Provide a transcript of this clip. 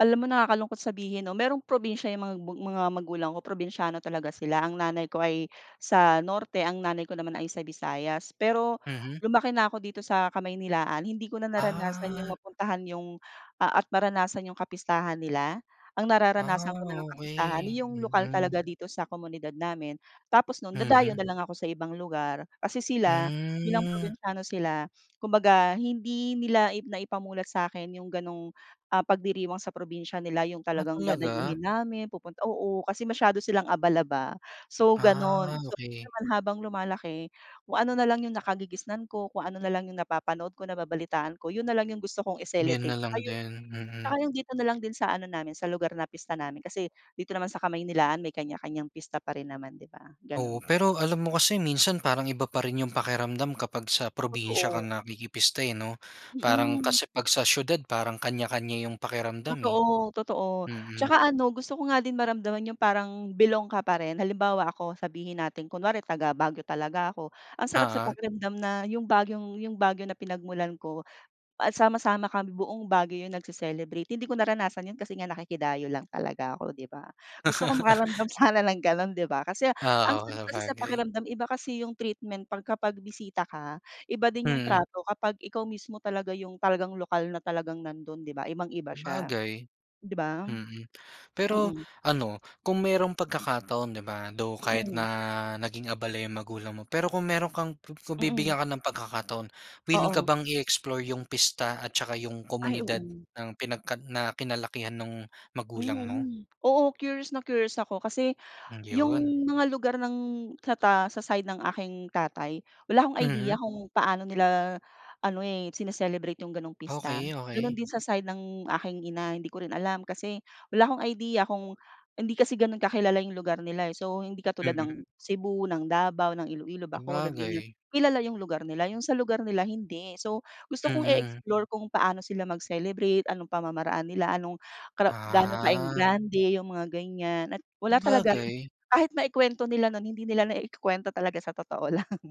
Alam mo, nakakalungkot sabihin, no? Merong probinsya yung mag mga magulang ko. Probinsiyano talaga sila. Ang nanay ko ay sa Norte, ang nanay ko naman ay sa Visayas. Pero Mhm. lumaki na ko dito sa Kamaynilaan. Hindi ko na naranasan yung Ah. mapuntahan yung, ah, at maranasan yung kapistahan nila. Ang Ah, nararanasan ko na lang kapistahan, okey. yung lokal Mm. talaga dito sa komunidad namin. Tapos nun, dadayo Mhm. na lang ako sa ibang lugar. Kasi sila, bilang Hmm. probinsiyano sila, kumbaga hindi nila i naipamulat sakin yung ganung, ah, pagdiriwang sa probinsya nila yung Ah, talagang talaga. dadayuhin namin, pupunt oo, kasi masyado silang abala, ba. So, Ah, ganon. So, yun okey. naman, habang lumalaki, kung ano na lang yung nakagigisnan ko, kung ano na lang yung napapanood ko, nababalitaan ko, yun na lang yung gusto kong Yun i-celebrate. na Tsaka lang yung, din, tsaka mm. yung dito na lang din sa ano namin, sa lugar na pista namin. Kasi dito naman sa Kamaynilaan, may kanya-kanyang pista pa rin naman, di ba? Oo, Ganun. pero alam mo kasi minsan parang iba pa rin yung pakiramdam kapag sa probinsya ka Totoo. nakikipista, eh, no? Parang Mm. kasi pag sa siyudad parang kanya-kanya yung pakiramdam, eh. Totoo, totoo. Mm. Tsaka ano, gusto ko nga din maramdaman yung parang belong ka pa rin. Halimbawa ako, sabihin natin kunwari taga-Baguio talaga ako. Ang sarap sa Oo. pakiramdam na yung Baguiong yung Baguio na pinagmulan ko, ah, sama-sama kami buong Baguio yun nagce-celebrate. Hindi ko naranasan yun kasi nga nakikidayo lang talaga ako, di ba? Gusto ko makaramdam sana ng ganon, di ba? Kasi ang Oo sarap kasi sa sabagay. pakiramdam. Iba kasi yung treatment pagka pagbisita ka, iba din yung Mm. trato kapag ikaw mismo talaga yung talagang lokal na talagang nandun, di ba? Ibang-iba siya, Sabagay. di ba? Mm. Pero Mm. ano kung merong pagkakataon, di ba? Though kahit Mm. na naging abala yung magulang mo, pero kung meron kang ku kung Mm. bibigyan ka ng pagkakataon, willing ka Oo. bang i-explore yung pista at tsaka yung Ay, komunidad oo. ng pinagkad na kinalakihan nung magulang mo? Mhm, oo, curious na curious ako kasi Mm, yung yun. mga lugar ng sa ta sa side ng aking tatay wala akong Mhm. idea kung paano nila ano, eh, sine-celebrate yung ganong pista. Okey, Ganon okey. din sa side ng aking ina, hindi ko rin alam. Kasi wala akong idea kung hindi kasi ganun kakilala yung lugar nila. So hindi katulad ng Mm. Cebu, ng Davao, ng Ilo-ilo, Bacolod ganyan Sabagay. kilala yung lugar nila. Yung sa lugar nila hindi. So gusto kong Mm. i-explore kung paano sila mag-celebrate, anong pamamaraan nila, anong kara gano Ah. ka-ingrande yung mga ganyan. At wala talaga Sabagay. kahit naikwento nila nun, hindi nila naikukwento talaga sa totoo lang.